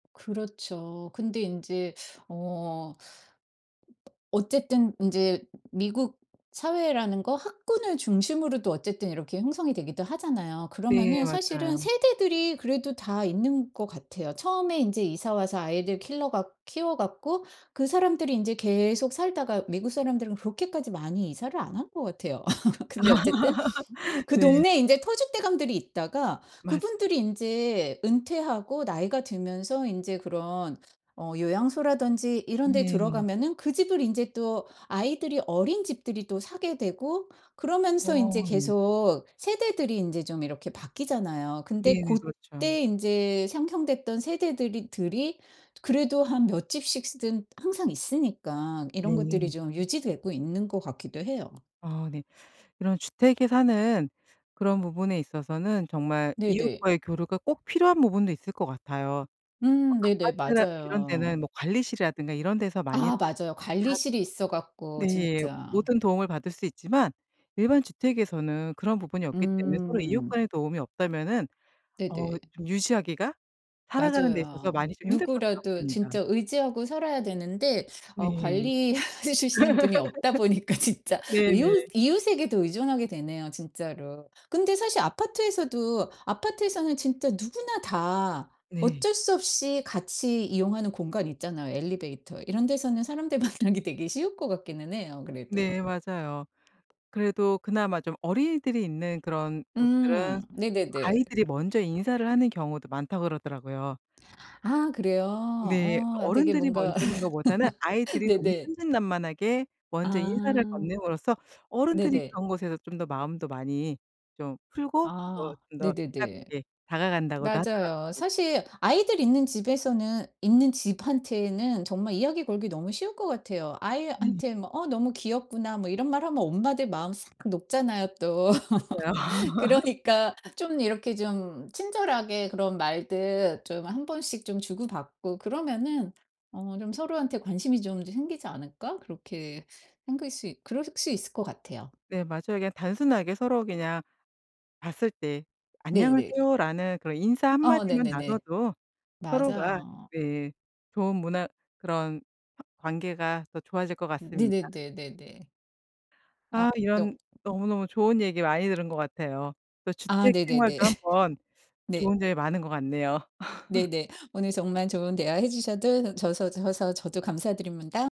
그렇죠. 근데 인제 어 어쨌든 인제 미국 사회라는 거 학군을 중심으로도 어쨌든 이렇게 형성이 되기도 하잖아요. 네, 그러면은 사실은 맞아요. 세대들이 그래도 다 있는 것 같아요. 처음에 인제 이사와서 아이들 킬러 갖 키워 갖고 그 사람들이 인제 계속 살다가 미국 사람들은 그렇게까지 많이 이사를 안 한 것 같아요. 근데 어쨌든 그 네. 동네에 인제 터줏대감들이 있다가 맞아요. 그분들이 인제 은퇴하고 나이가 들면서 인제 그런 어 요양소라든지 이런데 네. 들어가면은 그 집을 인제 또 아이들이 어린 집들이 또 사게 되고 그러면서 인제 어 네. 계속 세대들이 인제 좀 이렇게 바뀌잖아요. 근데 네네. 그렇죠. 고때 인제 상형됐던 세대들이 들이 그래도 한 몇 집씩 쓰든 항상 있으니까 이런 것들이 네. 좀 유지되고 있는 것 같기도 해요. 아 네. 이런 주택에 사는 그런 부분에 있어서는 정말 네네. 이웃과의 교류가 꼭 필요한 부분도 있을 것 같아요. 뭐 음 네네. 아파트랑 이런 맞아요. 데는 뭐 관리실이라든가 이런 데서 많이 아, 맞아요. 다 관리실이 있어 갖고 네 진짜. 모든 도움을 받을 수 있지만 일반 주택에서는 그런 부분이 없기 때문에 서로 이웃 음. 간의 도움이 없다면은 어 네네. 좀 유지하기가 살아가는 데 있어서 맞아요. 많이 좀 힘들 것도 누구라도 같습니다. 진짜 의지하고 살아야 되는데 어 네. 관리해 주시는 분이 없다 보니까 진짜 네네. 이웃 이웃에게도 의존하게 되네요, 진짜로. 근데 사실 아파트에서도 아파트에서는 진짜 누구나 다 네. 어쩔 수 없이 같이 이용하는 공간 있잖아요, 엘리베이터. 이런 데서는 사람들 만나기 되게 쉬울 것 같기는 해요 그래도. 네, 맞아요. 그래도 그나마 좀 어린이들이 있는 그런 곳들은 음 네네네. '아이들이 먼저 인사를 하는 경우도 많다.' 그러더라고요. 아 그래요? 어 네, 아 되게 어른들이 먼저 뭔가 하는 것보다는 아이들이 너무 네네. 천진난만하게 먼저 인사를 아 건넴으로써 어른들이 네네. 그런 곳에서 좀 더 마음도 많이 좀 풀고 또 아 좀 더 네네네. 가깝게 다가간다고도 맞아요. 하더라고요. 사실 아이들 있는 집에서는 있는 집한테는 정말 이야기 걸기 너무 쉬울 것 같아요. 네. 아이한테 뭐 "어 너무 귀엽구나." 뭐 이런 말하면 엄마들 마음 싹 녹잖아요, 또. 맞아요. 그러니까 좀 이렇게 좀 친절하게 그런 말들 좀 한번씩 좀 주고받고 그러면은 어 좀 서로한테 관심이 좀 더 생기지 않을까? 그렇게 생길 수 이 그럴 수 있을 것 같아요. 네, 맞아요. 그냥 단순하게 서로 그냥 봤을 때 네네네. "안녕하세요."라는 그런 인사 1 아 마디만 네네네. 나눠도 서로가 맞아요. 네 좋은 문화 그런 허 관계가 더 좋아질 것 같습니다. 네네네네네. 아 아 역 이런 너무너무 좋은 얘기 많이 들은 것 같아요. 또 아 주택 네네네. 생활도 한번 네. 좋은 점이 많은 것 같네요. 네네. 오늘 정말 좋은 대화해 주셔도 줘서 줘서 저도 감사드립니다.